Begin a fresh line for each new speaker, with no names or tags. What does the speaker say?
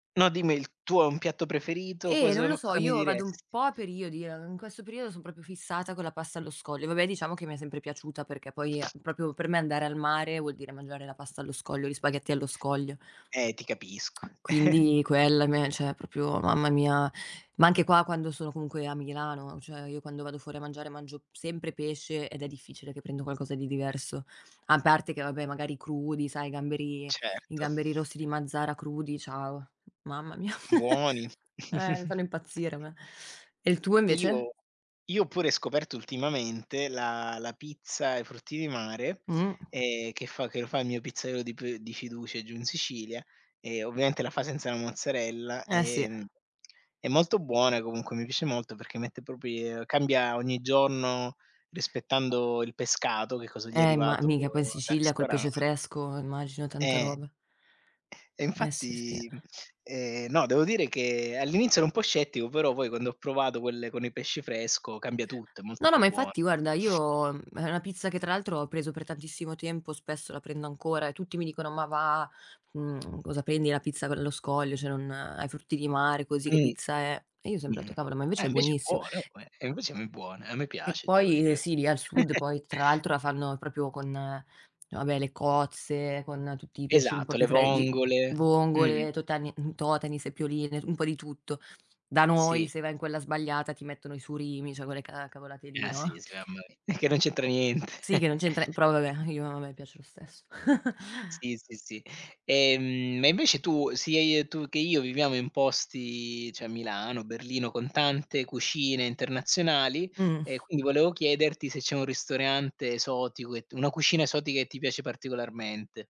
No, dimmi, il tu hai un piatto preferito,
Eh,
cosa
non lo
n
so,
cosa mi
io vado un
diresti?
po' a periodi, eh, in questo periodo son proprio fissata con la pasta allo scoglio. Vabbè, diciamo che mi è sempre piaciuta perché poi, uhm, proprio per me andare al mare vuol dire mangiare la pasta allo scoglio, gli spaghetti allo scoglio.
Eh, ti capisco.
Quindi quella a me cioè proprio mamma mia, ma anche qua quando sono comunque a Milano, cioè io quando vado fuori a mangiare mangio m sempre pesce, ed è difficile che prendo qualcosa di diverso. A parte che vabbè, magari, crudi, sai i gamberi, i
Certo.
gamberi rossi di Mazara crudi, ciao, mamma mia,
Buoni.
eh, mi fanno impazzire, a me. E il tuo, invece?
Io io ho pure scoperto ultimamente la la pizza ai frutti di mare,
Mh-mh.
ehm, che fa che lo fa il mio pizzaiolo di p di fiducia giù in Sicilia e, ovviamente, la fa senza la mozzarella.
Eh, sì.
Ehm, è molto buona, comunque, mi piace molto perché mette propri uhm, cambia ogni giorno rispettando il pescato, che cosa gli è
Eh, ma
arrivato
mica poi in
dal
Sicilia col
ristoran
pesce fresco, immagino, tanta
Eh.
roba.
E
Eh sì, sí.
infatti ehm no, devo dire che all'inizio ero un po' scettico, però poi quando ho provato quelle con il pesce fresco, cambia tutto, è molto
No, no,
più
ma,
buono.
infatti, guarda, io è una pizza che, tra l'altro, ho preso per tantissimo tempo, spesso, la prendo ancora e tutti mi dicono: “Ma va’, mhmm, cosa prendi? La pizza c allo scoglio, cioè, non ai frutti di mare così che
Mh,
pizza è?” E io ho sempre etto:
mh-mh.
“Cavolo, ma,
Eh,
invece, è
invece è
buonissi"
buono, oh, eh, e invece è m buona, a me
e
piace devo
poi eh
dire.
sì, lì, al sud, poi, tra l'altro, la fanno proprio con, vabbè, le cozze, con tutti i pesci un po'
Esatto, le
più fre li
vongole. Mh-mh.
vongole, totani mhmm, totani, seppioline, un po' di tutto. Da noi,
Sì.
se vai in quella sbagliata, ti mettono i surimi, cioè, quelle ca cavolate lì,
Ah sì, sì,
no?
sì, mamma mia. Che non c'entra niente.
Sì che non c'entra però vabbè, io a
[unintelligible]
me piace lo stesso.
Sì, sì, sì. Ehm, e invece tu sia i tu che io viviamo in posti, cioè Milano, Berlino, con tante cucine internazionali
Mh.
e quindi volevo chiederti se c'è un ristorante esotico, che t una cucina esotica che ti piace particolarmente.